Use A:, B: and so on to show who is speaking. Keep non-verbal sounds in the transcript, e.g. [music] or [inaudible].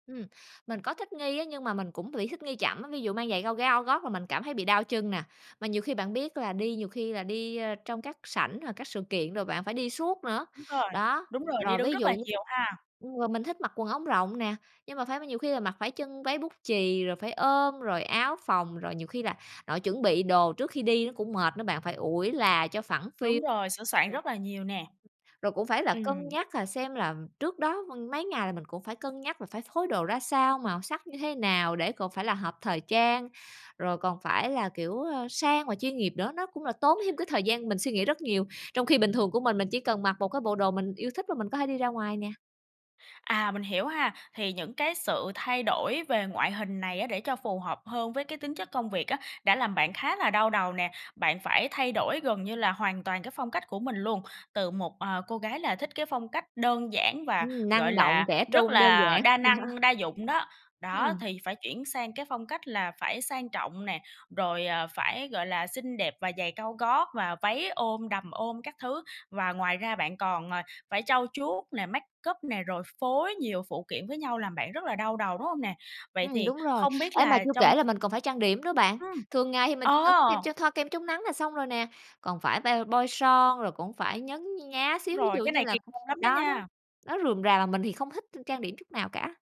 A: Ừm, mình có thích nghi á, nhưng mà mình cũng bị thích nghi chậm á, ví dụ mang giày cao- cao gót là mình cảm thấy bị đau chân nè. Mà nhiều khi bạn biết là đi nhiều khi là đi, ơ, trong các sảnh hoặc các sự kiện rồi bạn phải đi suốt nữa.
B: Đúng rồi,
A: Đó,
B: đúng rồi, đi
A: rồi
B: đứng
A: ví
B: rất
A: dụ
B: là
A: như
B: nhiều ha.
A: ừ, mình thích mặc quần ống rộng nè, nhưng mà phải nhiều khi là mặc phải chân váy bút chì, rồi phải ôm, rồi áo phồng, rồi nhiều khi là nội chuẩn bị đồ trước khi đi nó cũng mệt nữa bạn, phải ủi là cho phẳng phiu.
B: Đúng rồi, sửa soạn
A: [unintelligible]
B: rất là nhiều nè.
A: Rồi cũng phải là cân
B: Ừm.
A: nhắc là xem là trước đó v mấy ngày là mình cũng phải cân nhắc là phải phối đồ ra sao, màu sắc như thế nào để còn phải là hợp thời trang, rồi còn phải là, kiểu, ơ, sang và chuyên nghiệp nữa, nó cũng là tốn thêm cái thời gian mình suy nghĩ rất nhiều. Trong khi bình thường của mình, mình chỉ cần mặc một cái bộ đồ mình yêu thích và mình có thể đi ra ngoài nè.
B: À, mình hiểu ha, thì những cái sự thay đổi về ngoại hình này á để cho phù hợp hơn với cái tính chất công việc á, đã làm bạn khá là đau đầu nè, bạn phải thay đổi gần như là hoàn toàn cái phong cách của mình luôn, từ một, ờ, cô gái là thích cái phong cách đơn giản và,
A: Ừm,
B: gọi
A: năng động,
B: là,
A: trẻ
B: rất
A: trung, đơn
B: là
A: giản.
B: đa năng,
A: [laughs]
B: đa dụng đó, đó,
A: Ừm.
B: thì phải chuyển sang cái phong cách là phải sang trọng nè, rồi, à, phải, gọi là, xinh đẹp và giày cao gót và váy ôm, đầm ôm các thứ. Và ngoài ra bạn còn, à, phải trau chuốt nè, make up nè, rồi phối nhiều phụ kiện với nhau làm bạn rất là đau đầu, đúng hông nè? Vậy
A: Ừm,
B: thì
A: đúng rồi.
B: không biết
A: Ê, mà
B: là
A: chưa
B: trong
A: kể là mình còn phải trang điểm nữa bạn.
B: Ừm.
A: Thường ngày thì mình chỉ cần sức kem
B: Ồ!
A: cho thoa kem chống nắng là xong rồi nè, còn phải be bôi son, rồi cũng phải nhấn nhá
B: Đúng
A: xíu, ví
B: rồi,
A: dụ
B: cái
A: như
B: này kỳ
A: là
B: công lắm đó
A: đó, đó,
B: nha.
A: nó rườm rà mà mình thì không thích t trang điểm chút nào cả.